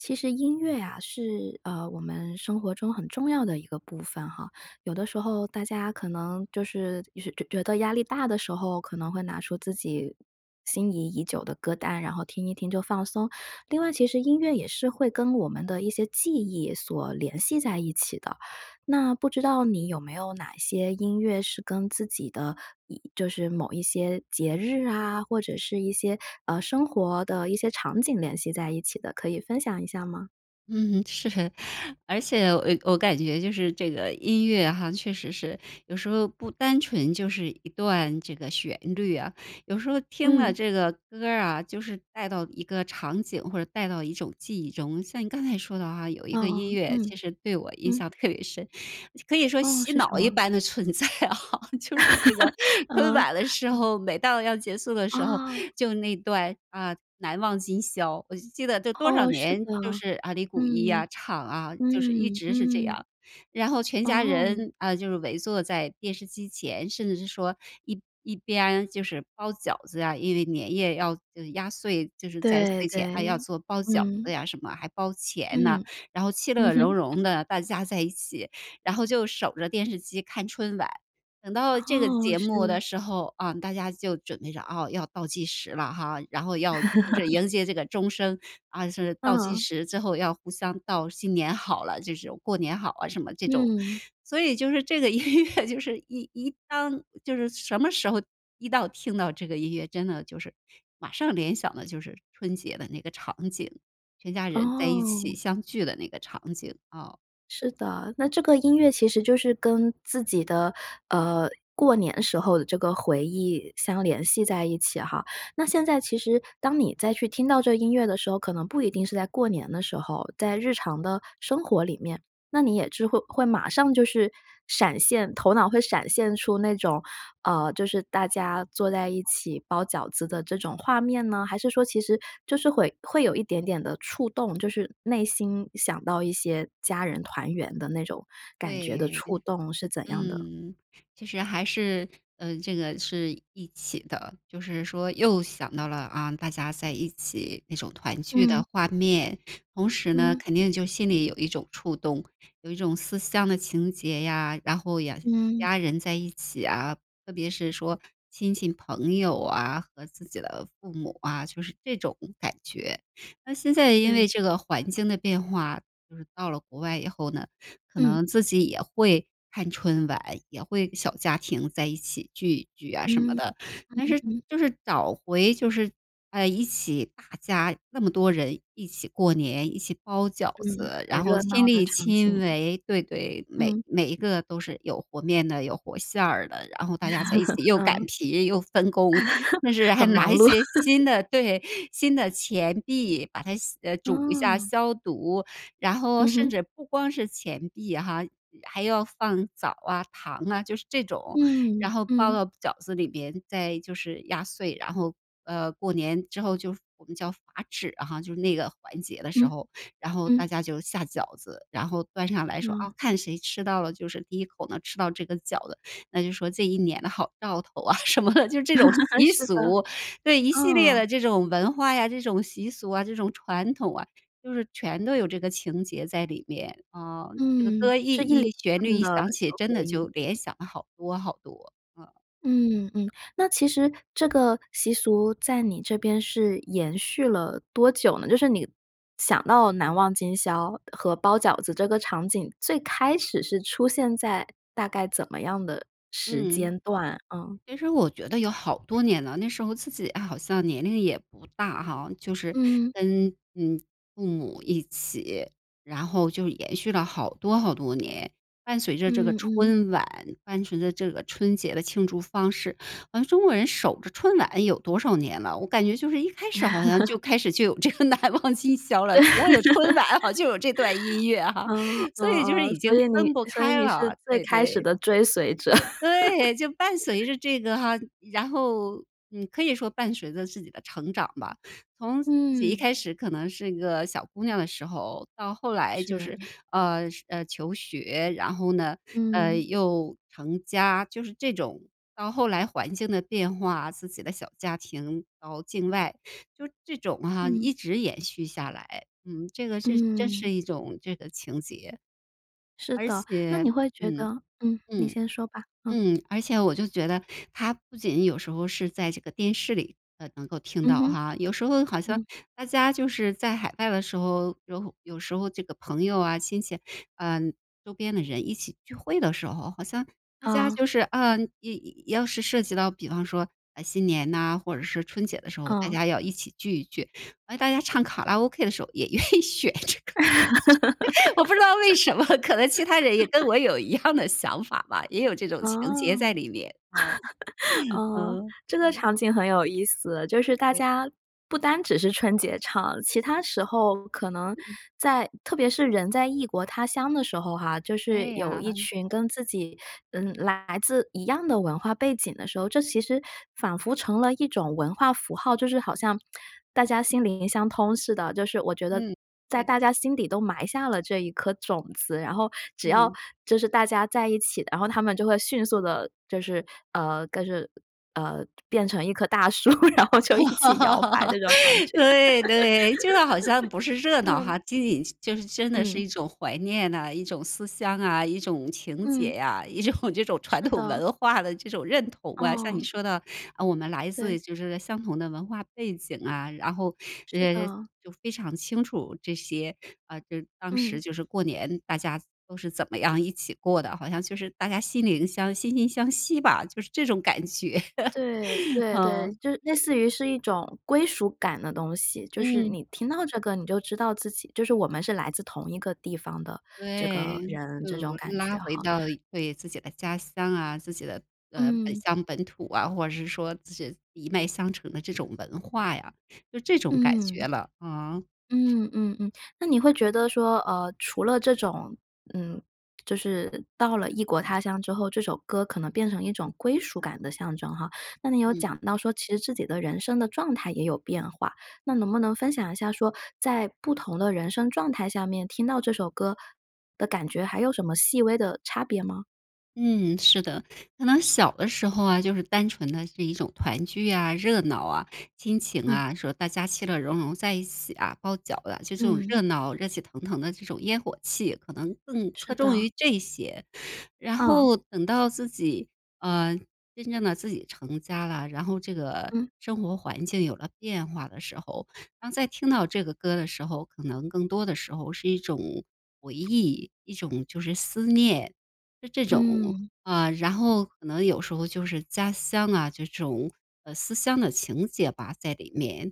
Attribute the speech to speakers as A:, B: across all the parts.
A: 其实音乐啊，是，呃，我们生活中很重要的一个部分哈，有的时候大家可能就是就是觉觉得压力大的时候，可能会拿出自己心仪已久的歌单，然后听一听，就放松。另外其实音乐也是会跟我们的一些记忆所联系在一起的。那不知道你有没有哪些音乐是跟自己的一就是某一些节日啊，或者是一些，呃，生活的一些场景联系在一起的，可以分享一下吗？
B: 嗯，是。而且我我感觉就是这个音乐哈，确实是，有时候不单纯就是一段这个旋律啊，有时候听了
A: 嗯。
B: 这个歌儿啊，就是带到一个场景或者带到一种记忆中，像你刚才说的哈，有一个音
A: 哦。
B: 乐
A: 嗯，
B: 其实对我印
A: 嗯。
B: 象特别深，可以说
A: 哦，
B: 洗
A: 是什
B: 脑一
A: 么？
B: 般的存在啊，就是这个 春
A: 嗯，
B: 晚的时
A: 嗯。
B: 候，每到要结束的时候，
A: 哦。
B: 就那段，啊，《难忘今宵》。我就记得这多少
A: 哦，是的，
B: 年，就是，啊，李谷一
A: 嗯。
B: 啊，唱，啊，就是一
A: 嗯，
B: 直是这
A: 嗯。
B: 样。然后全家
A: 哦。
B: 人，啊，就是围坐在电视机前，甚至是说一一边就是包饺子呀，因为年夜要压岁，就是在
A: 对，
B: 睡前啊，要
A: 对，
B: 做包饺子
A: 嗯。
B: 呀什么，还包钱呢，
A: 嗯，
B: 然后气
A: 嗯
B: 乐融融
A: 哼。
B: 的，大家在一起，然后就守着电视机看春晚。等到这个
A: 哦，
B: 节目
A: 是。
B: 的时候，啊，大家就准备着，啊，要倒计时了哈，然后要就是 迎接这个钟声，啊，是倒计
A: 嗯。
B: 时，之后要互相道“新年好了”这种，“过年好啊”什么这种。
A: 嗯。
B: 所以就是这个音乐就是一一当就是什么时候一到听到这个音乐，真的就是马上联想的就是春节的那个场景，全家人在一
A: 哦。
B: 起相聚的那个场景，哦。
A: 是的，那这个音乐其实就是跟自己的，呃，过年时候的这个回忆相联系在一起哈。那现在其实当你再去听到这个音乐的时候，可能不一定是在过年的时候，在日常的生活里面。那你也之会会马上就是闪现，头脑会闪现出那种，呃，就是大家坐在一起包饺子的这种画面呢？还是说其实就是会会有一点点的触动，就是内心想到一些家人团圆的那种，感觉的
B: 对，
A: 触动是怎样的？
B: 嗯。其实还是，呃，这个是一起的，就是说又想到了，啊，大家在一起那种团聚的
A: 嗯。
B: 画面，同时呢，
A: 嗯。
B: 肯定就心里有一种触动，有一种思乡的情节呀，然后也
A: 嗯。
B: 家人在一起啊，特别是说亲戚朋友啊，和自己的父母啊，就是这种感觉。那现在因为
A: 对。
B: 这个环境的变化，就是到了国外以后呢，可
A: 嗯。
B: 能自己也会看春晚，也会小家庭在一起聚一聚啊什么
A: 嗯，
B: 的。但
A: 嗯，
B: 是
A: 嗯。
B: 就是找回就是，呃，一起大家那么多人一起过年、一起包饺
A: 嗯，
B: 子，
A: 很
B: 然后
A: 热
B: 亲
A: 闹的
B: 力
A: 场景。
B: 亲为对，对，每
A: 嗯。
B: 每一个都是有和面的、有和馅儿的，然后大家在一起 又擀
A: 嗯。
B: 皮、又分工，就 是还
A: 很
B: 拿
A: 忙
B: 一
A: 碌。
B: 些新的 对，新的钱币把它洗呃，煮一下
A: 嗯。
B: 消毒。然后
A: 嗯
B: 甚
A: 哼。
B: 至不光是钱币哈，还要放枣儿啊、糖啊，就是这种，
A: 嗯，
B: 然后包
A: 嗯。
B: 到饺子里边，再就是压碎，然后，呃，过年之后就我们叫罚纸哈，就那个环节的时
A: 嗯。
B: 候，然后
A: 嗯。
B: 大家就下饺子，然后端上来说，啊，
A: 哦。
B: 看谁吃到了就是第1口能吃到这个饺子，那就是说这一年的好兆头啊什么的，就是这种 习
A: 是的，
B: 俗，对，一系列
A: 嗯。
B: 的这种文化呀、这种习俗啊、这种传统啊，就是全都有这个情节在里面，啊。这个
A: 嗯，
B: 歌一
A: 是一连
B: 一旋律
A: 串
B: 一
A: 的
B: 响
A: 这
B: 起，
A: 个
B: 真
A: 回
B: 的
A: 忆。
B: 就联想了好多好多，啊。
A: 嗯，嗯，那其实这个习俗在你这边是延续了多久呢？就是你想到《难忘今宵》和包饺子这个场景，最开始是出现在大概怎么样的时
B: 嗯。
A: 间段？嗯。
B: 其实我觉得有好多年了，那时候自己啊，好像年龄也不大哈，就是
A: 嗯。
B: 跟，嗯，父母一起，然后就延续了好多好多年。伴随着这个
A: 嗯，嗯。
B: 春晚，伴随着这个春节的庆祝方式，好像中国人守着春晚有多少年了，我感觉就是一开始好像就开始就 有这个《难忘今宵》了，
A: 对。
B: 如 果有春晚好像就有这段音乐哈，
A: 哦。哦，
B: 所以就是
A: 哦，
B: 已
A: 所
B: 经
A: 以你
B: 分不
A: 所以
B: 开
A: 你是
B: 了，
A: 最
B: 对，
A: 开始
B: 对。
A: 的追随者。
B: 呃，对，就伴随 着这个哈，然后，呃，可以说伴随着自己的成长吧，从自己一开
A: 嗯。
B: 始可能是一个小姑娘的时候，到后来就
A: 是。
B: 是，呃，是呃，求学，然后呢，呃，
A: 嗯。
B: 又成家，就是这种，到后来环境的变化，自己的小家庭到境外。就这种哈，
A: 嗯。
B: 一直延续下来，嗯，这个是真是
A: 嗯。
B: 一种这个情节。
A: 是
B: 而
A: 的，那
B: 且
A: 你会觉
B: 嗯，
A: 得嗯，你
B: 嗯，
A: 先说吧，嗯。
B: 嗯，而且我就觉得它不仅有时候是在这个电视里能够听
A: 嗯
B: 到
A: 哼。
B: 哈，有时候好像
A: 嗯。
B: 大家就是在海外的时候，有有时候这个朋友啊、亲戚，呃，周边的人一起聚会的时候，好像大家
A: 嗯。
B: 就是，呃，要要是涉及到比方说，啊，新年呐，或者是春节的时候，大
A: 嗯。
B: 家要一起聚一聚，而大家唱卡拉 OK 的时候也愿意选这个。我不知道为什么，可能其他人也跟 我有一样的想法吧，也有这种
A: 哦，
B: 情节在里面，啊。
A: 嗯，
B: 嗯。
A: 这个
B: 对。
A: 场景很有意思，就是大
B: 对。
A: 家不单只是春节唱，其它时候可能
B: 嗯。
A: 在特别是人在异国他乡的时候哈，就是
B: 对
A: 有
B: 呀。
A: 一群跟自己，嗯，来自一样的文化背景的时候，这其实仿佛成了一种文化符号，就是好像 大家心灵相通似的，就是我觉得
B: 嗯，
A: 在
B: 对的。
A: 大家心底都埋下了这一颗种子，然后只要
B: 嗯。
A: 就是大家在一起，然后它们就会迅速地就是，呃，跟是呃，变成一棵大树，然后就一起摇摆这 种感觉。
B: 对，对，就是好像不是热闹
A: 嗯。
B: 哈，仅仅是就真的是
A: 嗯。
B: 一种怀念呐、一种思乡啊、一种情
A: 嗯。
B: 结呀、一种这种传
A: 是
B: 统
A: 的。
B: 文化的这种认同啊，像你
A: 哦。
B: 说的，呃，我们来
A: 对。
B: 自就是相同的文化背景啊，然后，
A: 是
B: 呃，
A: 的。
B: 就非常清楚这些，啊，就当时
A: 嗯。
B: 就是过年大家都是怎么样一起过的，好像就是大家心灵相惺惺相惜吧，就是这种感觉。
A: 对，对，对，
B: 嗯。
A: 就是类似于是一种归属感的东西，就是
B: 嗯。
A: 你听到这个你就知道自己就是我们是来自同一个地方的这
B: 对，
A: 个人，
B: 就
A: 这种感觉
B: 拉回
A: 哈。
B: 到了对自己的家乡啊，自己的，呃，本
A: 嗯。
B: 乡、本土啊，或者是说自己一脉相承的这种文化呀，就这种感觉
A: 嗯。
B: 了啊。
A: 嗯，嗯，嗯。那你会觉得说，呃，除了这种，嗯，就是到了异国他乡之后，这首歌可能变成一种归属感的象征哈，那你有
B: 嗯。
A: 讲到说其实自己的人生的状态也有变化，那能不能分享一下说，在不同的人生状态下面听到这首歌的感觉还有什么细微的差别吗？
B: 嗯，是的。可能小的时候啊，就是单纯的是一种团聚呀、热闹啊、亲情
A: 嗯。
B: 啊，说大家其乐融融在一起啊，包饺啊，其实就这种
A: 嗯。
B: 热闹、热气腾腾的这种烟火气，可能更
A: 是
B: 侧重
A: 的。
B: 于这些。然
A: 嗯。
B: 后等到自己，呃，真正的自己成家了，然后这个
A: 嗯。
B: 生活环境有了变化的时候，当再听到这个歌的时候，可能更多的时候是一种回忆，一种就是思念，是这种。
A: 嗯。
B: 啊，然后可能有时候就是家乡啊，这种，呃，思乡的情结吧在里面。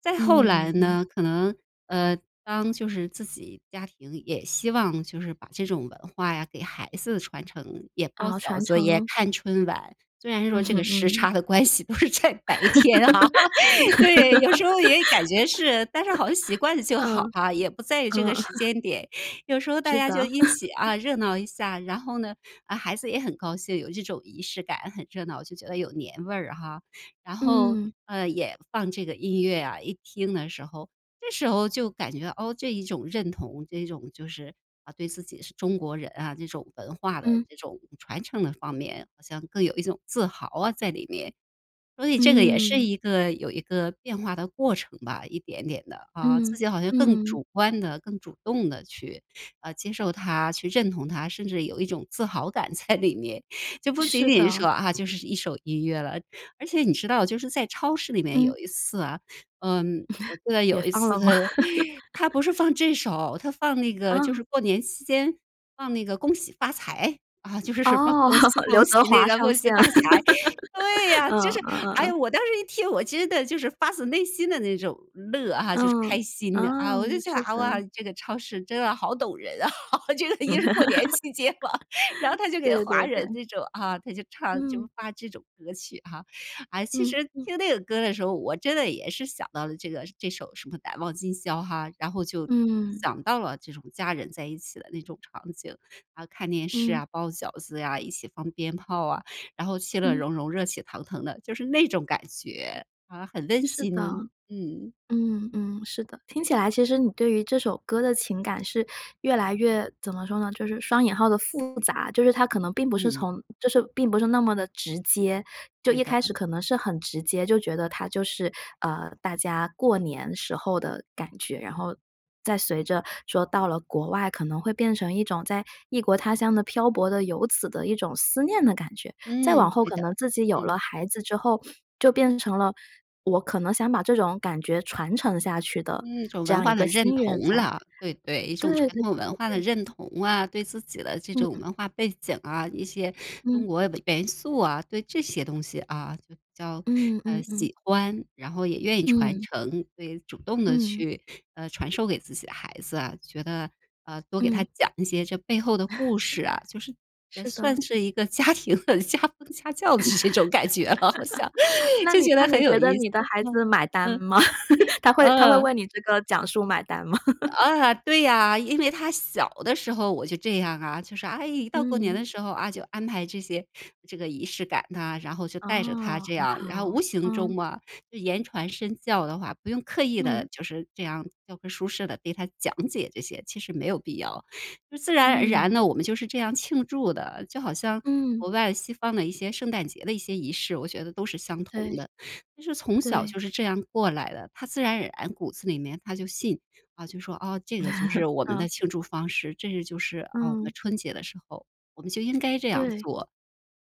B: 再后
A: 嗯，
B: 来
A: 嗯。
B: 呢，可能，呃，当就是自己家庭也希望就是把这种文化呀，给孩子传承，也包
A: 啊，
B: 饺
A: 传
B: 子、也
A: 承。
B: 看春晚，虽然
A: 嗯
B: 说这个
A: 哼，
B: 时
A: 嗯。
B: 差的关系都是在白天啊，对，有时候也感觉是，但是好像习 惯了就好
A: 嗯，
B: 哈，也不在于这
A: 嗯。
B: 个时 间点，有时候大
A: 是
B: 家就
A: 的。
B: 一起，啊，热闹一下。然后呢，啊，孩子也很高兴，有这种仪式感，很热闹，就觉得有年味儿哈。然后，
A: 嗯。
B: 呃，也放这个音乐呀，一听的时候，这时候就感觉，哦，这一种认同，这种就是，啊，对自己是中国人啊，这种文化的
A: 嗯。
B: 这种传承的方面，好像更有一种自豪啊在里面。所以这个也是
A: 嗯。
B: 一个有一个变化的过程吧，一点点的啊。
A: 嗯，
B: 自己好像更
A: 嗯。
B: 主观地、更主动地去，呃，接受它、去认同它，甚至有一种自豪感在里面，就不仅
A: 是
B: 仅是说
A: 的。
B: 啊，就是一首音乐了。而且你知道就是在超市里面
A: 嗯。
B: 有一次啊，嗯，我记得
A: 也
B: 有一
A: 放
B: 次
A: 了吗？
B: 它它不是 放这首，它放那个就
A: 啊。
B: 是过年期间放那个《恭喜发财》，啊，就是什么
A: 哦，
B: 恭喜
A: 刘
B: 恭喜
A: 德
B: 那
A: 华
B: 个，
A: 上
B: 恭喜
A: 线，
B: 发财，对 呀，
A: 嗯，
B: 就
A: 嗯
B: 是，
A: 嗯
B: 哎，我
A: 嗯。
B: 当时一听我其实的就是发自内心地那种乐哈，就是
A: 嗯，
B: 开
A: 哦，
B: 心。啊，我就想，
A: 是
B: 啊哇，
A: 的。
B: 这个超市真的好懂人啊，就是一个是过年期间吧，然后 它就给
A: 对
B: 华
A: 对
B: 人
A: 对。
B: 那种啊，它就唱就
A: 嗯。
B: 放这种歌曲哈。啊，其
A: 嗯
B: 实
A: 嗯。
B: 听那个歌的时候，我真的也是想到了这个这首什么难忘今宵哈，然后就
A: 嗯。
B: 想到了这种家人在一起的那种场景，啊，看电视
A: 嗯。
B: 啊、包饺子呀、一起放鞭炮啊，然后其乐
A: 嗯。
B: 融融、热气腾腾的，就是那种感觉，啊，很温
A: 是的，
B: 馨，嗯。
A: 嗯嗯，是的。听起来其实你对于这首歌的情感是越来越怎么说呢，就是双引号的复杂。就是它可能并不是
B: 嗯。
A: 从就是并不是那么地直接，就
B: 对
A: 一
B: 的。
A: 开始可能是很直接，就觉得它就是，呃，大家过年时候的感觉，然后再随着说到了国外可能会变成一种，在异国他乡的漂泊的游子的一种思念的感觉，再
B: 嗯，
A: 往后
B: 对
A: 可
B: 的，
A: 能自己有了
B: 嗯。
A: 孩子之后，就变成了我可能想把这种感觉传承下去
B: 嗯，
A: 的
B: 一种
A: 这
B: 文
A: 样一
B: 化的
A: 个
B: 认
A: 心愿
B: 同
A: 在，
B: 了，对，对。一
A: 对
B: 种
A: 对对
B: 传统文化的
A: 对。
B: 认同啊，对自己的这种
A: 嗯。
B: 文化背景啊，一些中
A: 嗯。
B: 国元素啊，对这些东西啊就比较，
A: 嗯
B: 呃，
A: 嗯嗯。
B: 喜欢，然后也愿意传
A: 嗯。
B: 承，所以主动地
A: 嗯。
B: 去，呃，传授给自己的孩子啊，觉得，呃，多给他
A: 嗯。
B: 讲一些这背后的 故事啊，就是也
A: 是的。
B: 算是一个家庭的家家教的这种感觉了好像，
A: 那
B: 就
A: 你
B: 觉
A: 那
B: 得
A: 你
B: 很有
A: 觉得
B: 意思，
A: 你的孩
B: 嗯，
A: 子买单
B: 嗯，
A: 吗？他会他会为
B: 嗯。
A: 你这个讲述买单吗？
B: 啊，对呀，因为他小的时候我就这样啊，就是，哎，一到过年
A: 嗯。
B: 的时候，啊，就安排这些这个仪式感呐，然后就带着他
A: 哦，
B: 这
A: 很
B: 样，然后
A: 好，
B: 无形中
A: 嗯。
B: 嘛，就言传身教的话，不用刻意地
A: 嗯。
B: 就是这样教科书式地对他讲解这些，其实没有必要。就自然而然
A: 嗯。
B: 呢，我们就是这样庆祝的，就好像
A: 嗯。
B: 国外西方的一些圣诞节的一些仪式，我觉得都是相同
A: 对。
B: 的。就是从小
A: 对。
B: 就是这样过来的，他自然而然骨子里面他就信，啊，就说，啊，这个 就是我们的
A: 嗯。
B: 庆祝方式，这是就是啊我们
A: 嗯。
B: 春节的时候，我们就应该这样
A: 对。
B: 做，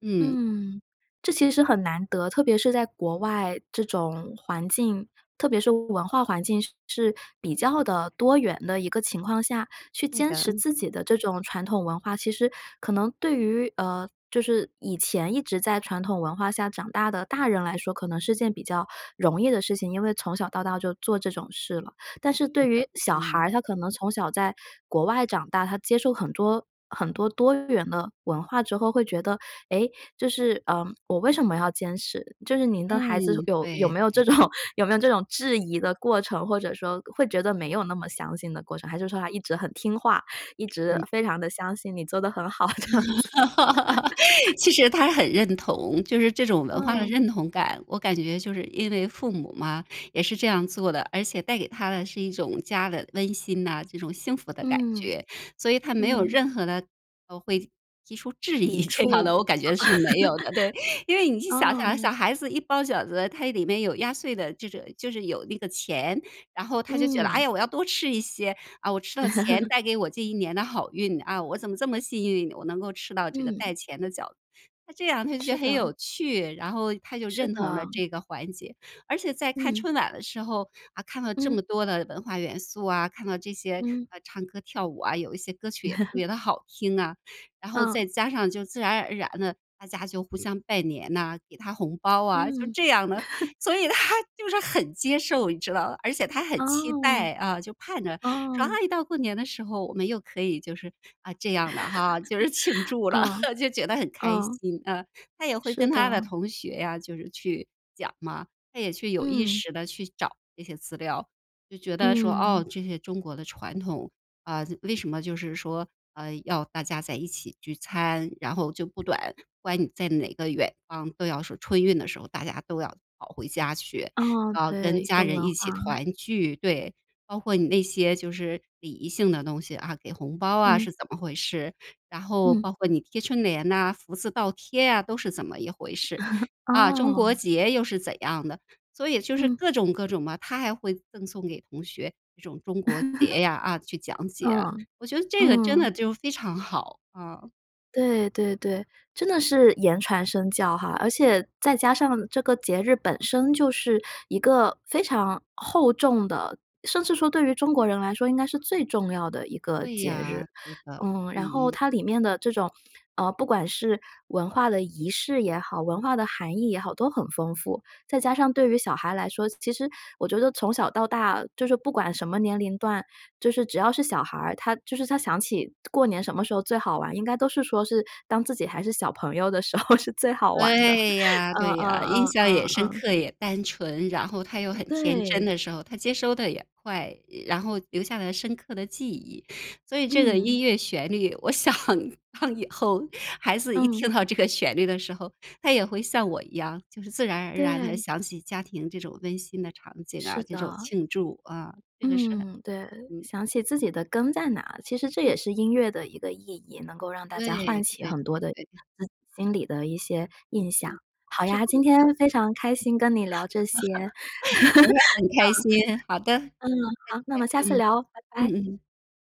B: 嗯。
A: 嗯，这其实是很难得，特别是在国外这种环境，特别是文化环境是比较的多元的一个情况下，去
B: 对
A: 坚
B: 的，
A: 持
B: 嗯。
A: 自己的这种传统文化，其实可能对于，呃，就是以前一直在传统文化下长大的大人来说，可能是件比较容易的事情，因为从小到大就做这种事了。但是
B: 对
A: 对
B: 的，
A: 于小孩
B: 嗯。
A: 儿，他可能从小在国外长大，他接受很多很多多元的文化之后，会觉得：“诶，就是，呃，我为什么要坚持？”就是您的孩子，
B: 嗯，
A: 有有
B: 对
A: 没有这
B: 对。
A: 种有没有这种质疑的过程？或者说，会觉得没有那么相信的过程？还是说他一直很听话，一直
B: 嗯。
A: 非常地相信你做得很好这样子？
B: 其实他很认同，就是这种文化的
A: 嗯。
B: 认同感，我感觉就是因为父母嘛，也是这样做的。而且带给他的是一种家的温馨呐，这种幸福的感
A: 嗯，
B: 觉。所以他没有
A: 嗯。
B: 任何的，呃，会提出质疑
A: 抵
B: 这样的，我感觉是没有的，对。因为
A: 触，
B: 你去 想想小
A: 哦。
B: 孩子一包饺子，他里面有压岁的这种就是有那个钱，然后他就觉得，哎
A: 嗯。
B: 呀，我要多吃一些。啊，我吃到钱 带给我这一年的好运，啊，我怎么这么幸运？我能够吃到这个带
A: 嗯。
B: 钱的饺子，那这样他就觉
A: 是
B: 得很
A: 的。
B: 有趣，然后他就
A: 是
B: 认同了
A: 的。
B: 这个环节。而且在看
A: 嗯。
B: 春晚的时候，啊，看了这么
A: 嗯。
B: 多的文化元素啊，看到这些，
A: 嗯。
B: 呃，唱歌跳舞啊，有一些歌曲也特 别地好听啊，然后
A: 嗯。
B: 再加上就自然而然的，大家就互相拜年呐，给他红包啊，就
A: 嗯。
B: 这样的。所以 他就是很接受，你知道吧？而且他很期
A: 哦，
B: 待，啊，就盼着说，
A: 哦。
B: 哎，到过年的时候，我们又可以就是，啊，这样了哈，就是庆 祝了。
A: 嗯，
B: 就觉得很开
A: 嗯。
B: 心啊，他也会
A: 是
B: 跟他的
A: 的。
B: 同学呀，就是去讲嘛，他也去有意
A: 嗯。
B: 识地去找这些资料，就觉得说，
A: 嗯。
B: 哦，这些中国的传统，啊，为什么就是说，呃，要大家在一起聚餐？然后就不短不管你在哪个远方，都要说春运的时候，大家都要跑回家去，
A: 哦，
B: 啊，跟
A: 对，一
B: 家
A: 个
B: 人
A: 文
B: 一起
A: 化。
B: 团聚。对，包括你那些就是礼仪性的东西啊，给红包啊
A: 嗯。
B: 是怎么回事？然后
A: 嗯。
B: 包括你贴春联呐，福字倒贴呀，都是怎么一回事？啊，中国
A: 哦。
B: 结又是怎样的？所以就是
A: 嗯。
B: 各种各种吧，他还会赠送给同学这种中国 结呀，啊，去讲解，
A: 嗯，
B: 我觉得这个真
A: 嗯。
B: 的就非常好，嗯。
A: 对对对，真的是言传身教哈，而且再加上这个节日本身就是一个非常厚重的，甚至说对于中国人来说应该是最重要的一个
B: 对
A: 节日。
B: 呀，对的，嗯
A: 嗯，然后
B: 嗯。
A: 它里面的这种，呃，不管是文化的仪式也好、文化的含义也好，都很丰富。再加上对于小孩来说，其实我觉得从小到大，就是不管什么年龄段，就是只要是小孩儿，他就是他想起过年什么时候最好玩，应该都是说是当自己还是小朋友的时候是最好玩的，
B: 对呀，
A: 嗯
B: 对
A: 嗯
B: 呀，印
A: 嗯
B: 象也深
A: 嗯嗯。
B: 刻、也单纯。然后他又很天真
A: 对。
B: 的时候，他接收得也快，呃，然后留下了深刻的记忆。所以这个
A: 嗯。
B: 音乐旋律，我想让以后孩子一
A: 嗯。
B: 听到这个旋律的时候，他也会像我一样，就是自然而然地
A: 对。
B: 想起家庭这种温馨的场景
A: 是
B: 啊，这种
A: 的。
B: 庆祝，啊，这个是很
A: 嗯，对，
B: 嗯。
A: 想起自己的根在哪，其实这也是音乐的一个意义，能够让大家唤
B: 对，
A: 起
B: 对
A: 很多的
B: 对对。
A: 自己心里的一些印象。好
B: 是
A: 呀，
B: 这
A: 今
B: 样
A: 天
B: 的。
A: 非常开心跟你聊这些，
B: 我也很开心，好的，
A: 嗯，嗯，
B: 再
A: 好，那我们下
B: 见，
A: 次
B: 嗯，
A: 聊，拜
B: 嗯
A: 拜。
B: 嗯。